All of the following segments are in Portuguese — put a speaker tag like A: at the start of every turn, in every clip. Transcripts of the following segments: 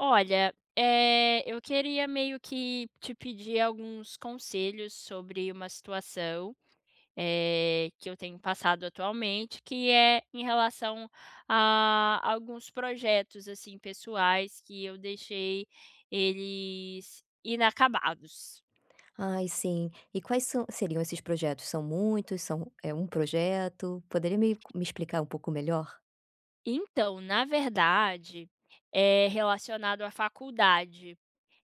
A: Olha, eh, eu queria meio que te pedir alguns conselhos sobre uma situação, eh, que eu tenho passado atualmente, que é em relação a alguns projetos, assim, pessoais que eu deixei eles inacabados.
B: Ai sim. E quais são seriam esses projetos? São muitos, são é 1 projeto? Poderia me co me explicar um pouco melhor?
A: Então, na verdade, é relacionado à faculdade,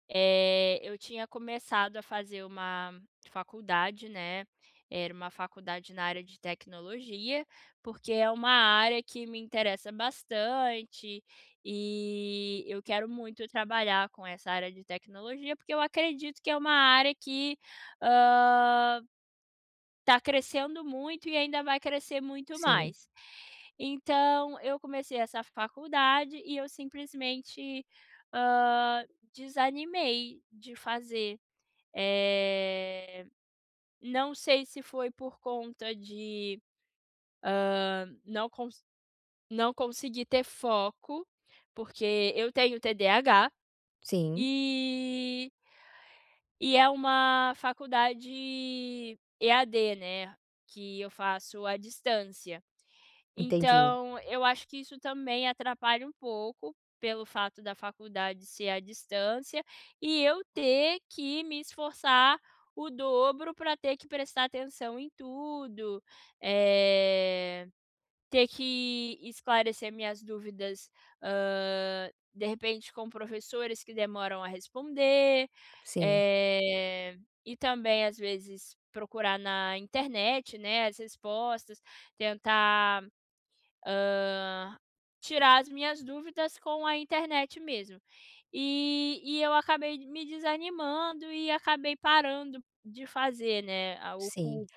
A: eh, eu tinha começado a fazer uma faculdade, né, era uma faculdade na área de tecnologia, porque é uma área que me interessa bastante, e eu quero muito trabalhar com essa área de tecnologia, porque eu acredito que é uma área que, hã tá crescendo muito e ainda vai crescer muito
B: Sim.
A: mais, então eu comecei essa faculdade e eu simplesmente, hã, desanimei de fazer, eh, não sei se foi por conta de, hã, não conse não consegui ter foco, porque eu tenho TDAH.
B: Sim.
A: E E é uma faculdade EAD, né, que eu faço à distância,
B: Entendi.
A: então eu acho que isso também atrapalha um pouco, pelo fato da faculdade ser à distância, e eu ter que me esforçar o dobro pra ter que prestar atenção em tudo, eh, ter que esclarecer minhas dúvidas, hã, de repente com professores que demoram a responder,
B: Sim.
A: eh, e também às vezes procurar na internet, né, as respostas, tentar, hã, tirar as minhas dúvidas com a internet mesmo. E e eu acabei me desanimando e acabei parando de fazer, né, o
B: Sim.
A: cu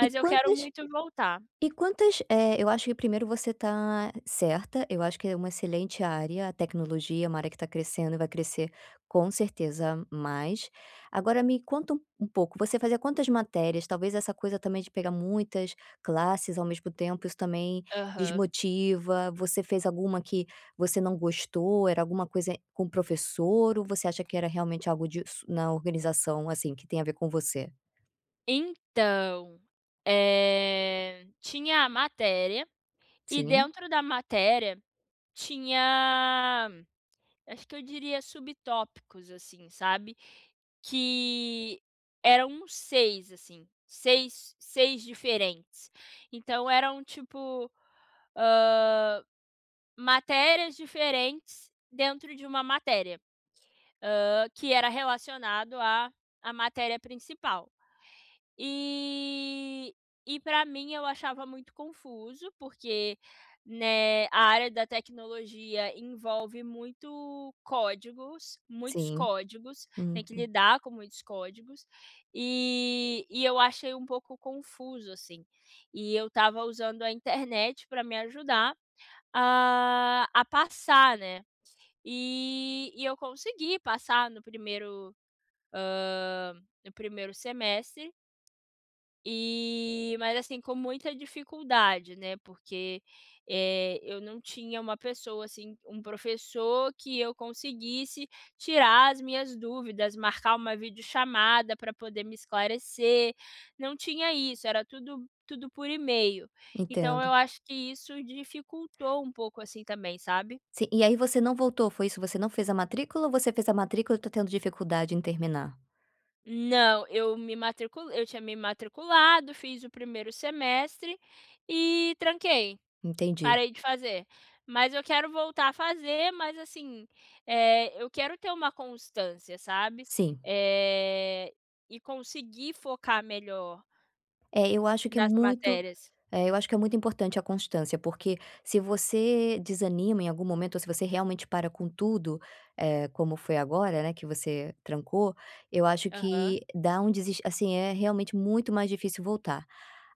B: E
A: eu quero
B: quantas
A: muito voltar.
B: e quantas Eh, eu acho que primeiro você tá certa, eu acho que é uma excelente área, a tecnologia, é uma área que tá crescendo e vai crescer com certeza mais. Agora me conta u um pouco, você fazia quantas matérias? Talvez essa coisa também de pegar muitas classes ao mesmo tempo, isso também
A: Aham.
B: desmotiva, você fez alguma que você não gostou, era alguma coisa com professor, ou você acha que era realmente algo disso na organização, assim, que tem a ver com você?
A: Então, eh, tinha a matéria e
B: Sim.
A: dentro da matéria tinha acho que eu diria subtópicos assim, sabe? Que eram uns 6 assim, seis seis diferentes, então eram tipo, hã, matérias diferentes dentro de uma matéria, hã, que era relacionado a à matéria principal e e pra mim eu achava muito confuso, porque, né, a área da tecnologia envolve muito códigos muitos
B: Sim.
A: códigos, tem que
B: Uhum.
A: lidar com muitos códigos e e eu achei um pouco confuso, assim, e eu estava usando a internet pra me ajudar a a passar, né, e eu consegui passar no 1º, hã, no 1º semestre e mas, assim, com muita dificuldade, né? Porque, eh, eu não tinha uma pessoa, assim, um professor que eu conseguisse tirar as minhas dúvidas, marcar uma vídeo chamada pra poder me esclarecer, não tinha isso, era tudo tudo por email. Então
B: Entendo.
A: eu acho que isso dificultou um pouco assim também, sabe?
B: Sim. E aí você não voltou, foi isso? Você não fez a matrícula ou você fez a matrícula e está tendo dificuldade em terminar?
A: Não. Eu me matriculei eu tinha me matriculado. Fiz 1º semestre e tranquei.
B: Entendi.
A: Parei de fazer. Mas eu quero voltar a fazer, mas, assim, eh, eu quero ter uma constância, sabe?
B: Sim.
A: Eh, e conseguir focar melhor
B: É, eu acho que é
A: nas
B: muito
A: matérias.
B: é, eu acho que é muito importante a constância, porque, se você desanima em algum momento ou se você realmente para com tudo, eh, como foi agora, né, que você trancou, eu acho
A: Aham.
B: que dá um deses assim, é realmente muito mais difícil voltar.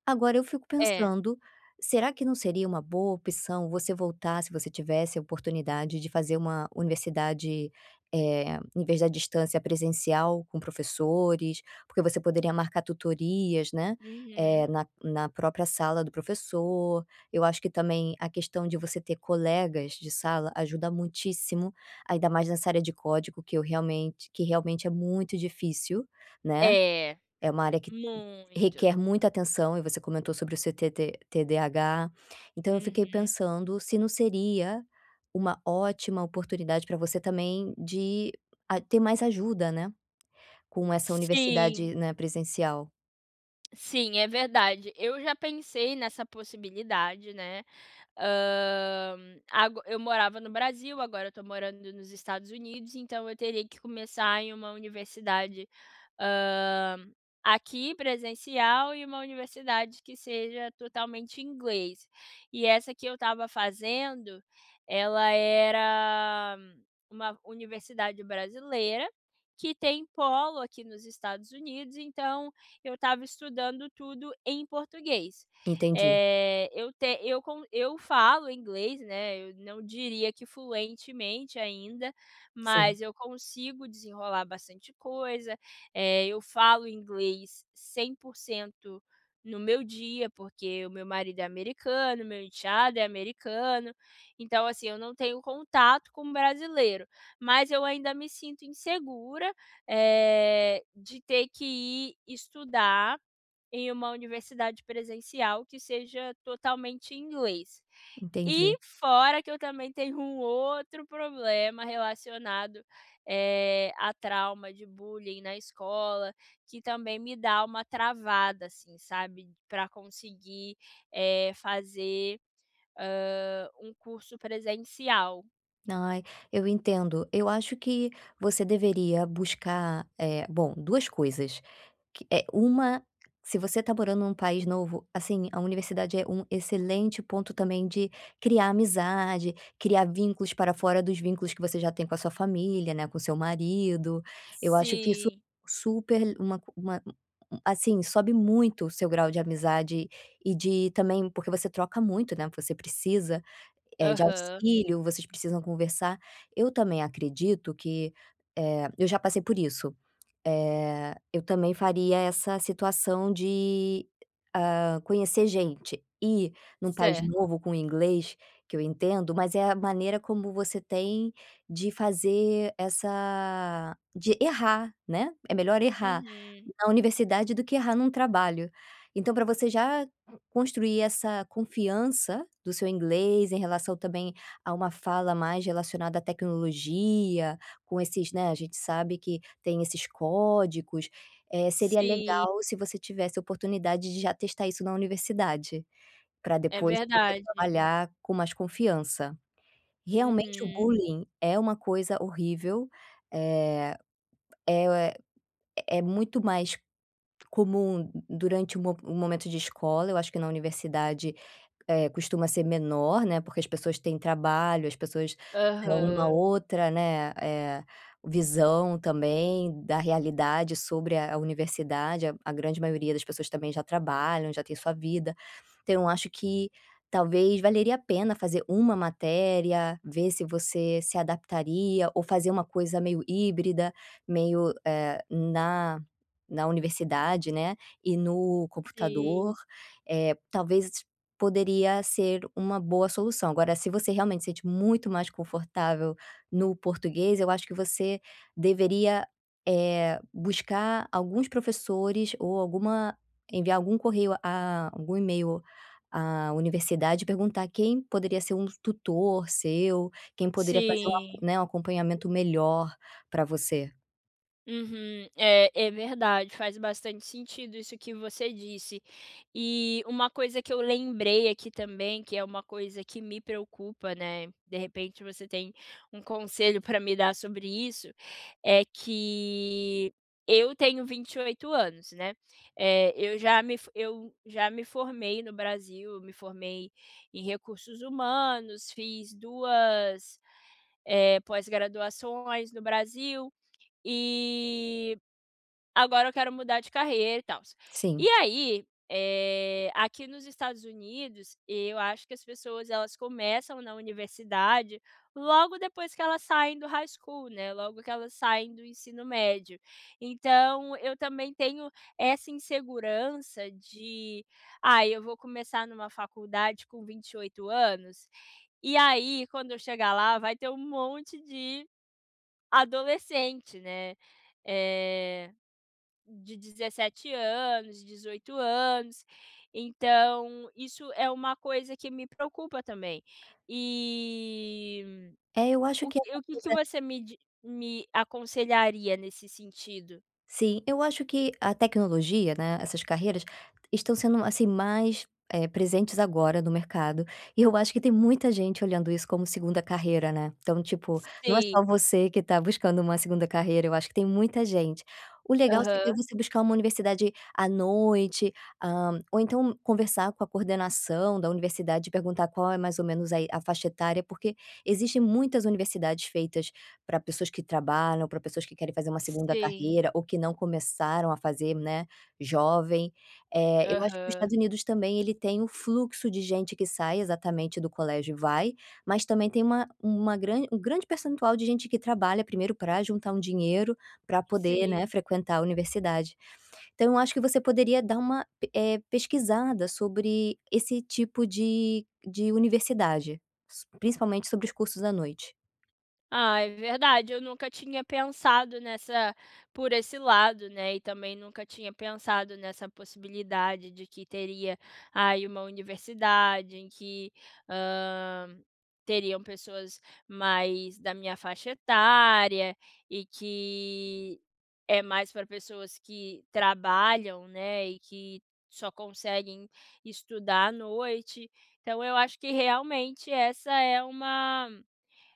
B: Agora eu fico
A: É.
B: pensando, será que não seria uma boa opção você voltar, se você tivesse a oportunidade de fazer uma universidade, eh, em vez da distância, presencial com professores? Porque você poderia marcar tutorias, né, eh,
A: Uhum.
B: na na própria sala do professor, eu acho que também a questão de você ter colegas de sala ajuda muitíssimo, ainda mais nessa área de código que eu realmente que realmente é muito difícil, né?
A: É,
B: É uma área que
A: muito.
B: requer muita atenção e você comentou sobre o seu TT TDH, então eu fiquei
A: Uhum.
B: pensando se não seria uma ótima oportunidade pra você também de a ter mais ajuda, né? Com essa
A: Sim.
B: universidade, né, presencial.
A: Sim, é verdade. Eu já pensei nessa possibilidade, né? Hã, ago eu morava no Brasil, agora eu estou morando nos Estados Unidos, então, eu teria que começar em uma universidade, hã, aqui presencial e uma universidade que seja totalmente inglês. E essa que eu estava fazendo, ela era uma universidade brasileira, que tem polo aqui nos Estados Unidos, então eu estava estudando tudo em português.
B: Entendi.
A: Eh, eu ten eu con eu falo inglês, né, eu não diria que fluentemente ainda,
B: Sim.
A: mas eu consigo desenrolar bastante coisa. Eh, eu falo inglês 100% no meu dia porque o meu marido é americano, meu enteado é americano. Então, assim, eu não tenho contato com brasileiro, mas eu ainda me sinto insegura, eh, de ter que ir estudar em uma universidade presencial que seja totalmente em inglês. E
B: Entendi.
A: fora que eu também tenho um outro problema relacionado, eh, à trauma de bullying na escola, que também me dá uma travada, assim, sabe, pra conseguir, eh, fazer, hã, um curso presencial.
B: Ai, eu entendo, eu acho que você deveria buscar eh, bom, 2 coisas, que é uma, se você tá morando num país novo, assim, a universidade é um excelente ponto também de criar amizade, criar vínculos para fora dos vínculos que você já tem com a sua família, né, com seu marido. Eu acho que isso
A: Sim.
B: super le uma uma assim, sobe muito o seu grau de amizade e de também porque você troca muito, né. Você precisa, eh, de
A: Aham.
B: auxílio, vocês precisam conversar. Eu também acredito que, eh, eu já passei por isso, eh, eu também faria essa situação de, hã, conhecer gente, e num país
A: Certo.
B: novo com o inglês, que eu entendo, mas é a maneira como você tem de fazer essa de errar, né. É melhor errar
A: Uhum.
B: na universidade do que errar num trabalho. Então pra você já construir essa confiança do seu inglês, em relação também a uma fala mais relacionada à tecnologia, com esses, né, a gente sabe que tem esses códigos, eh, seria
A: Sim.
B: legal se você tivesse oportunidade de já testar isso na universidade, pra
A: É
B: depois você
A: verdade.
B: trabalhar com mais confiança. Realmente o
A: Uhum.
B: bullying é uma coisa horrível. Eh, é o é muito mais comum durante o mo o momento de escola, eu acho que na universidade, eh, costuma ser menor, né. Porque as pessoas têm trabalho, as pessoas tão uma
A: Aham.
B: outra, né, eh, visão também da realidade sobre a a universidade, a a grande maioria das pessoas também já trabalham, já tem sua vida. Então eu acho que talvez valeria a pena fazer uma matéria, ver se você se adaptaria ou fazer uma coisa meio híbrida, meio, eh, na na universidade, né, e no
A: Sim.
B: computador, eh, talvez poderia ser uma boa solução. Agora se você realmente sente muito mais confortável no português eu acho que você deveria, eh, buscar alguns professores ou alguma enviar algum correio a algum email à universidade e perguntar quem poderia ser um tutor seu, quem poderia fazer um ac
A: Sim.
B: né, um acompanhamento melhor pra você.
A: Uhum, é, é verdade, faz bastante sentido isso que você disse. E uma coisa que eu lembrei aqui também, que é uma coisa que me preocupa, né, de repente, você tem um conselho pra me dar sobre isso, é que eu tenho 28 anos, né, eh, eu já me for eu já me formei no Brasil, me formei em recursos humanos, fiz 2, eh, pós-graduações no Brasil, e agora eu quero mudar de carreira, e tals. E
B: Sim.
A: aí, eh, aqui nos Estados Unidos, eu acho que as pessoas elas começam na universidade logo depois que elas saem do High School, né, logo que elas saem do ensino médio, então eu também tenho essa insegurança de, ah, eu vou começar numa faculdade com 28 anos, e aí quando eu chegar lá vai ter monte de adolescente, né, eh, de 17 anos, 18 anos, então isso é uma coisa que me preocupa também. Eh,
B: É, eu acho
A: o
B: que essa
A: que o que que
B: coisa
A: você me di me aconselharia nesse sentido?
B: Sim, eu acho que a tecnologia, né, essas carreiras estão sendo, assim, mais, eh, presentes agora no mercado, e eu acho que tem muita gente olhando isso como 2ª carreira, né. Então, tipo, não é
A: Sim.
B: só você que está buscando uma 2ª carreira, eu acho que tem muita gente. O legal seria
A: Aham.
B: você buscar uma universidade à noite, hã, ou então conversar com a coordenação da universidade e perguntar qual é mais ou menos a i a faixa etária, porque, existe muitas universidades feitas pra pessoas que trabalham, pra pessoas que querem fazer uma segunda
A: Sim.
B: carreira ou que não começaram a fazer, né, jovem. Eh, eu acho que o
A: Aham.
B: Estados Unidos também ele tem o fluxo de gente que sai exatamente do colégio e vai, mas também tem uma uma grande um grande percentual de gente que trabalha primeiro pra juntar um dinheiro pra poder, né,
A: Sim.
B: frequentar a universidade. Então, eu acho que você poderia dar uma p eh, pesquisada sobre esse tipo de de universidade, s principalmente sobre os cursos à noite.
A: Ah, é verdade. Eu nunca tinha pensado nessa por esse lado, né, e também nunca tinha pensado nessa possibilidade de que teria aí uma universidade, em que, hã, teriam pessoas mais da minha faixa etária, e que é mais pra pessoas que trabalham, né? E que só conseguem estudar à noite. Então eu acho que realmente essa é uma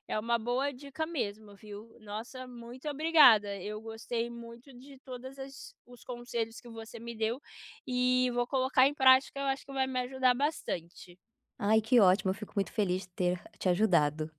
A: é uma boa dica mesmo, viu? Nossa, muito obrigada, eu gostei muito de todas as os conselhos que você me deu e vou colocar em prática, eu acho que vai me ajudar bastante.
B: Ai que ótimo, eu fico muito feliz de ter te ajudado.